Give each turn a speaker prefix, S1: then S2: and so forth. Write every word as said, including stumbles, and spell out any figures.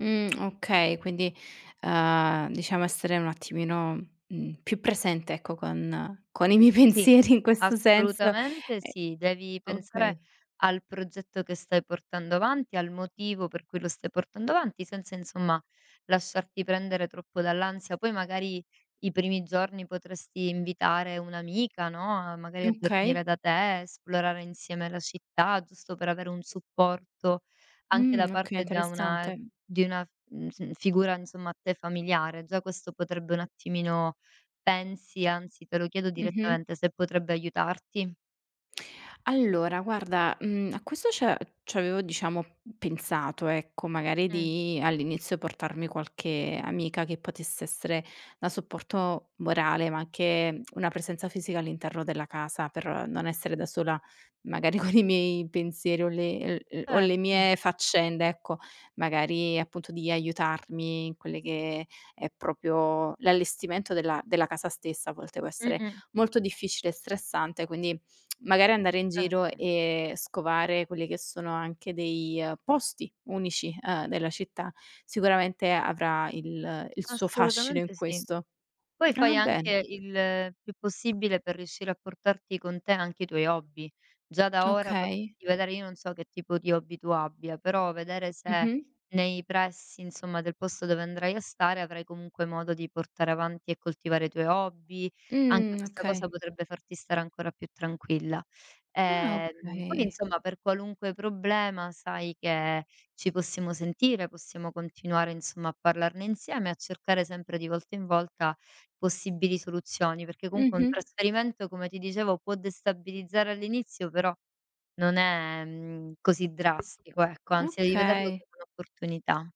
S1: Mhmm, okay, quindi, ehm, diciamo essere un attimino, mhmm, più presente ecco con con i miei
S2: Sì,
S1: pensieri in questo senso.
S2: assolutamente
S1: Ehm
S2: sì. Devi pensare
S1: okay.
S2: al progetto che stai portando avanti, al motivo per cui lo stai portando avanti, senza insomma lasciarti prendere troppo dall'ansia. Poi magari i primi giorni potresti invitare un'amica, no, a magari a
S1: mkay.
S2: dormire da te, esplorare insieme la città, giusto per avere un supporto anche da
S1: Mh, okay,
S2: parte da una, ehm,
S1: interessante.
S2: di una f mhmm, f figura insomma a te familiare. Già questo potrebbe un attimino pensi, anzi te lo chiedo
S1: Mh-mh.
S2: direttamente, se potrebbe aiutarti?
S1: Allora guarda, mhmm, a questo c'è c'avevo diciamo pensato, ecco magari
S2: Mh.
S1: di all'inizio portarmi qualche amica che potesse essere da supporto morale, ma anche una presenza fisica all'interno della casa, per non essere da sola magari con i miei pensieri o le, ehm ehm, o le
S2: Certo.
S1: mie faccende, ecco. Magari appunto di aiutarmi in quelle che è propio l'allestimento della della casa stessa a volte può essere
S2: Mh-mh.
S1: molto difficile e stressante, quindi magari andare in giro
S2: Certo.
S1: e scovare quelli che sono anche dei, ehm, posti unici, ehm, della città, sicuramente avrà il il suo fascino in
S2: Assolutamente, sì.
S1: questo.
S2: Poi
S1: Ah,
S2: fai
S1: bene.
S2: anche il più possibile per riuscire a portarti con te anche i tuoi hobby. Già da ora
S1: Okay.
S2: potresti vedere io non so che tipo di hobby tu abbia, però vedere se
S1: Mh-mh.
S2: nei pressi insomma del posto dove andrai a stare, avrai comunque modo di portare avanti e coltivare i tuoi hobby, anche
S1: Mh,
S2: questa cosa
S1: okay.
S2: potrebbe farti stare ancora più tranquilla.
S1: Ah,
S2: Ehm, poi
S1: okay.
S2: insomma per qualunque problema sai che ci possiamo sentire, possiamo continuare insomma a parlarne insieme e a cercare sempre di volta in volta possibili soluzioni, perché cunque un
S1: Mh-mh.
S2: trasferimento, come ti dicevo, può destabilizzare all'inizio, però non è, mhmm, così drastico, ecco, anzi devi vederlo
S1: Okay.
S2: come un'opportunità.